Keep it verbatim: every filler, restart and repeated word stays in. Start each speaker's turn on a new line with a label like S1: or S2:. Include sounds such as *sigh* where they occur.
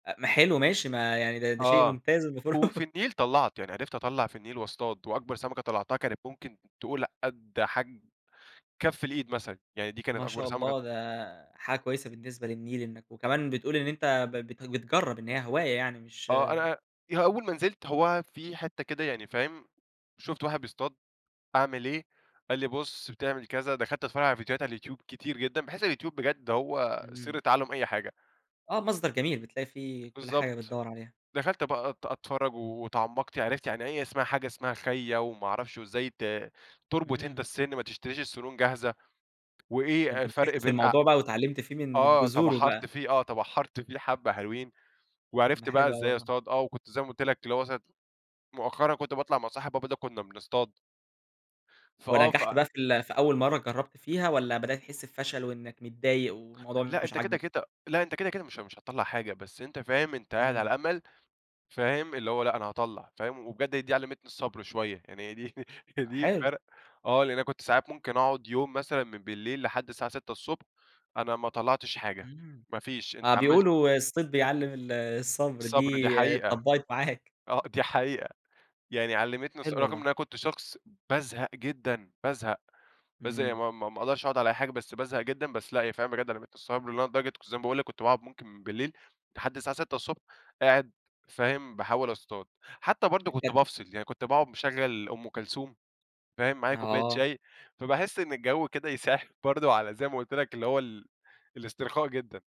S1: أ ما حلو ماشي ما يعني ده ده شيء
S2: آه
S1: ممتاز المفروض.
S2: وفي
S1: *chuckles*
S2: النيل طلَّعت، يعني عرفت أطلَّع في النيل واصطاد، وأكبر سمكة طلَّعتها كانت ممكن تقول قد حجم كف الإيد مثلًا يعني دي كانت
S1: ما
S2: أكبر
S1: شاء
S2: سمكة
S1: الله ده حاجة كويسة بالنسبة للنيل إنك وكمان بتقول إن أنت ب بت بتجرب إن هي هواية يعني مش
S2: آه أنا ي أول ما نزلت هو في حتة كده يعني فاهم شُفت واحد بيصطاد، أعمل إيه، قال لي بُص بتعمل كذا دخلت اتفرج على فيديوهات على اليوتيوب كتير جدًا. باحس اليوتيوب بجد هو سر
S1: اهم.
S2: تعلم أي حاجة.
S1: آه مصدر جميل بتلاقي فيه كل حاجة
S2: بالضبط.
S1: بتدوَّر عليها.
S2: دخلت بقى أت أتفرج واتعمقت عرفت يعني أي اسمها حاجة اسمها خيَّا، وما أعرفش وإزاي ت تُربط أنت
S1: إمم.
S2: السن ما تشتريش السنون جاهزة.
S1: ده
S2: وإيه
S1: أنت
S2: الفرق
S1: مسكت في
S2: بين أ
S1: الموضوع بقى، واتعلمت فيه من من
S2: آه
S1: جذوره
S2: تبحرت
S1: بقى.
S2: فيه، آه تبحرت فيه حبَّة حلوين،
S1: ده
S2: وعرفت بقى
S1: حلو أوي
S2: إزاي
S1: والله.
S2: أصطاد آه وكنت زي ما قُلت لك اللي هو مثلًا مؤخرًا كنت باطلع مع صاحب بابا ده كنا بنصطاد. فآه ف
S1: ونجحت بقى في ال في أول مرة جربت فيها، والّا بدأت تحس بفشل وإنك متضايق، والموضوع
S2: لأ
S1: مش
S2: أنت كده
S1: عاجبك؟
S2: كده لأ أنت كده كده مش مش هتطلَّع حاجة، بس أنت فاهم أنت قاعد
S1: إمم.
S2: على أمل فاهم اللي هو لأ أنا هاطلَّع فاهم، وبجد دي علمتني الصبر شوية. يعني هي دي هي دي
S1: حلو.
S2: فرق آه لإن أنا كنت ساعات ممكن أقعد يوم مثلًا من بالليل لحد الساعة ستة الصبح أنا ما طلعتش حاجة!
S1: امم.
S2: ما فيش.
S1: آه
S2: أنت عملت
S1: بيقولوا الصيد بيعلم ال الصبر
S2: الصبر دي
S1: دي
S2: حقيقة،
S1: اتطبقت معاك.
S2: آه دي حقيقة. يعني علمتني الص
S1: حلو
S2: رغم إن
S1: والله.
S2: أنا كنت شخص بازهق جدًا، بازهق، بازهق
S1: إمم.
S2: ما ما ما أقدرش أقعد على أي حاجة، بس بازهق جدًا. بس لأ هي فعلًا بجد علمتني الصبر اللي هو لدرجة كنت زي ما باقول لك كنت باقعد ممكن من بالليل لحد الساعة ستة الصبح قاعد فاهم، باحاول أصطاد. حتى برضه كنت
S1: *unintelligible*
S2: بافصل، يعني كنت باقعد مشغّل أم كلثوم فاهم، معايا كوباية
S1: آه.
S2: شاي فباحس إن الجو كده يساعد برضه على زي ما قُلت لك اللي هو ال الاسترخاء جدًا.